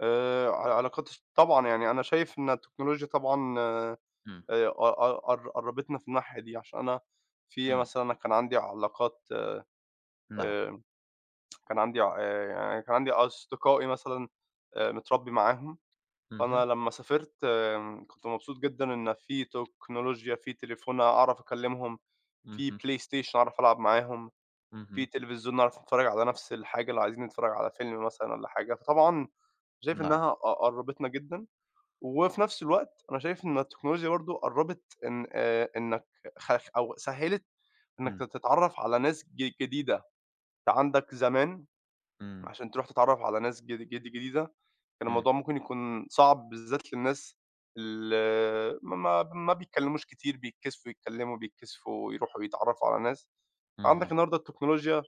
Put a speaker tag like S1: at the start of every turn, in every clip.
S1: آآ ع العلاقات، طبعًا، يعني أنا شايف إن التكنولوجيا طبعًا، آآ
S2: امم.
S1: قَ -قَ قربِتنا في الناحية دي، عشان أنا في
S2: إمم.
S1: مثلًا أنا كان عندي علاقات
S2: نعم.
S1: آآ كان عندي ع آآ، يعني كان عندي أصدقائي مثلًا، آآ متربي معاهم، فأنا
S2: اهم.
S1: لمّا سافرت كُنت مبسوط جدًا إن في تكنولوجيا، في تليفون أعرف أكلّمهُم، في
S2: اهم.
S1: PlayStation أعرف ألعب معاهم، في
S2: اهم.
S1: تلفزيون نعرف أنتفرّج على نفْس الحاجة لو عايزين نتفرج على فيلم مثلًا والّا حاجة. فطبعًا شايف
S2: نعم.
S1: إنّها قَ قرّبِتنا جدًا، وفي نفْس الوقت أنا شايف إن التكنولوجيا برضه قرّبت إن، آآ، إنّك خف أو سهّلِت إنّك ت
S2: إمم.
S1: تتعرف على ناس ج جديدة. أنت عندَك زمان
S2: إمم.
S1: عشان تروح تتعرف على ناس جـد جديدة، كان
S2: إمم.
S1: الموضوع مُمكن يكون صعب بالذات للناس اللي ما ب ما بيتكلّموش كتير، بيتكسفوا يتكلموا، بيتكسفوا يروحوا يتعرفوا على ناس. عندَك
S2: اهم.
S1: النهارده التكنولوجيا،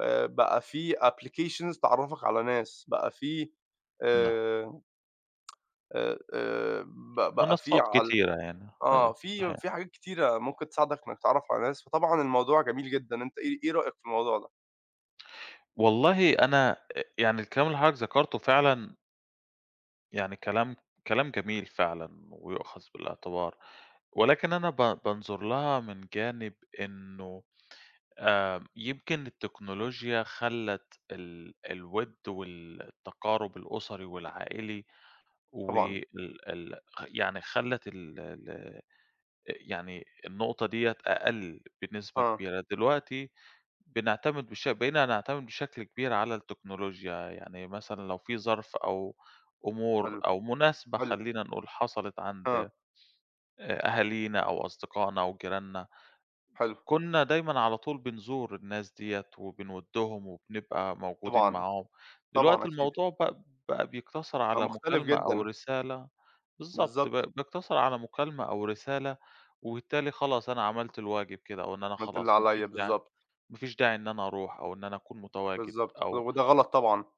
S1: آآ، بقى فيه applications تعرفَك على ناس، بقى فيه
S2: نعم.
S1: آآ آآ، ب بقى فيه
S2: منصات
S1: عـل
S2: كتيرة يعني،
S1: آه،
S2: أيوه
S1: فيه
S2: صحيح.
S1: فيه حاجات كتيرة مُمكن تساعدك إنّك تتعرف على ناس. فطبعًا الموضوع جميل جدًا. أنت إيه إيه رأيك في الموضوع ده؟
S2: والله أنا، أ يعني الكلام اللي حضرتك ذكرته فعلًا يعني كلام كلام جميل فعلًا ويؤخذ بالاعتبار، ولكن أنا ب بانظر لها من جانب إنّه آآ يمكن التكنولوجيا خلّت ال الود والتقارب الأُسري والعائلي،
S1: طبعًا.
S2: وال ال خ يعني خلّت ال ال أ يعني النقطة دِيَّة أقل بنسبة
S1: آه.
S2: كبيرة. دلوقتي بنعتمد بش بقينا نعتمد بشكل كبير على التكنولوجيا، يعني مثلًا، لو فيه ظرف أو أمور
S1: حلو،
S2: أو مناسبة
S1: حلو.
S2: خلّينا نقول، حصلت عند
S1: آه.
S2: آآ أهالينا أو أصدقائنا أو جِيراننا،
S1: حلو.
S2: كُنّا دايمًا على طول بنزور الناس دِيَّة وبنودّهم وبنبقى موجودين
S1: طبعًا،
S2: معاهم،
S1: طبعًا
S2: دلوقتي
S1: أكيد.
S2: الموضوع بق بقى بيقتصر
S1: بقى
S2: على
S1: مُختلف،
S2: مُكالمة أو
S1: جدًا.
S2: رسالة بالضبط، ب
S1: بالضبط.
S2: بيقتصر على مكالمة أو رسالة، وبالتالي خلاص أنا عملت الواجب كده، أو إن أنا
S1: عملت اللي
S2: خلاص ما فيش
S1: عليَّ،
S2: داعي
S1: بالضبط.
S2: ما فيش داعي إن أنا أروح أو إن أنا أكون متواجد،
S1: بالضبط، ود
S2: أو
S1: وده غَلط، طبعًا.